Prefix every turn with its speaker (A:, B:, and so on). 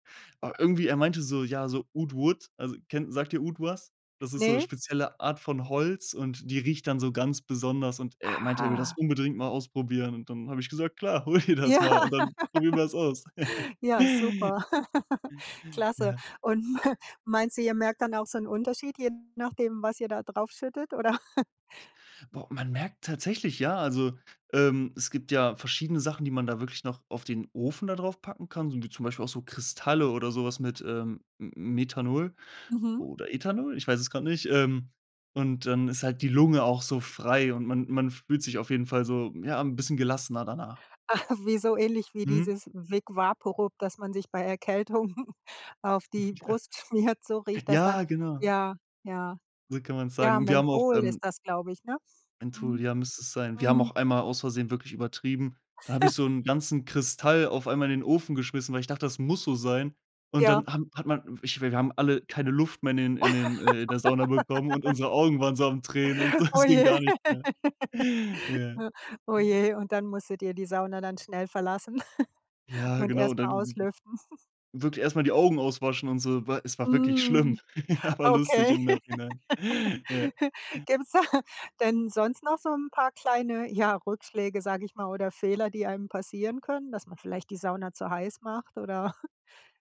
A: Aber irgendwie er meinte so, ja, so „oud wood“, also kenn sagt dir „oud“ was? Das ist so
B: Ne?
A: spezielle Art von Holz, und die riecht dann so ganz besonders. Und er meinte, er will das
B: Aha.
A: unbedingt mal ausprobieren. Und dann habe ich gesagt: „Klar, hol dir das
B: Ja.
A: mal, und dann probieren wir's aus.“
B: Ja, super. Klasse.
A: Ja.
B: Und, ma meinst du, ihr merkt dann auch so 'n Unterschied, je nachdem, was ihr da drauf schüttet, oder?
A: Boah. Man merkt tatsächlich, ja, also, ähm, es gibt ja verschiedene Sachen, die man da wirklich noch auf den Ofen da draufpacken kann, so wie zum Beispiel auch so Kristalle oder so was mit, ähm, M Methanol
B: Mhm.
A: oder Ethanol? Ich weiß es grad nicht. Ähm, und dann ist halt die Lunge auch so frei, und man man fühlt sich auf jeden Fall so ja, 'n bisschen gelassener danach.
B: Ah, wie so ähnlich wie
A: Mhm.
B: dieses Wick Vaporub, das man sich bei Erkältungen auf die
A: Ja.
B: Brust schmiert, so riecht das dann.
A: Ja, genau.
B: Ja, ja,
A: So kann man's sagen.
B: ja,
A: Und wir haben auch,
B: Menthol ist
A: ähm
B: das, glaube ich, ne?
A: Menthol,
B: Mhm.
A: ja, müsste es sein. Wir haben
B: Mhm.
A: auch einmal aus Versehen wirklich übertrieben, da habe ich so 'n ganzen Kristall auf einmal in den Ofen geschmissen, weil ich dachte, das muss so sein. Und
B: Ja.
A: dann haben hat man w ich wir wir haben alle keine Luft mehr in den in den äh, in der Sauna bekommen und unsere Augen waren so am Tränen und so,
B: Oh
A: es ging
B: je.
A: gar nix mehr. Ja.
B: Oh
A: Ja.
B: je. Und dann musstet ihr die Sauna dann schnell verlassen
A: Ja,
B: und
A: genau.
B: erst mal
A: Dann
B: auslüften.
A: wirklich erst mal die Augen auswaschen und so. Weil es war wirklich schlimm,
B: Mhm.
A: aber lustig
B: Okay.
A: im Nachhinein. Ja.
B: Gibt's da denn sonst noch so 'n paar kleine, ja, Rückschläge, sage ich mal, oder Fehler, die einem passieren können, dass man vielleicht die Sauna zu heiß macht oder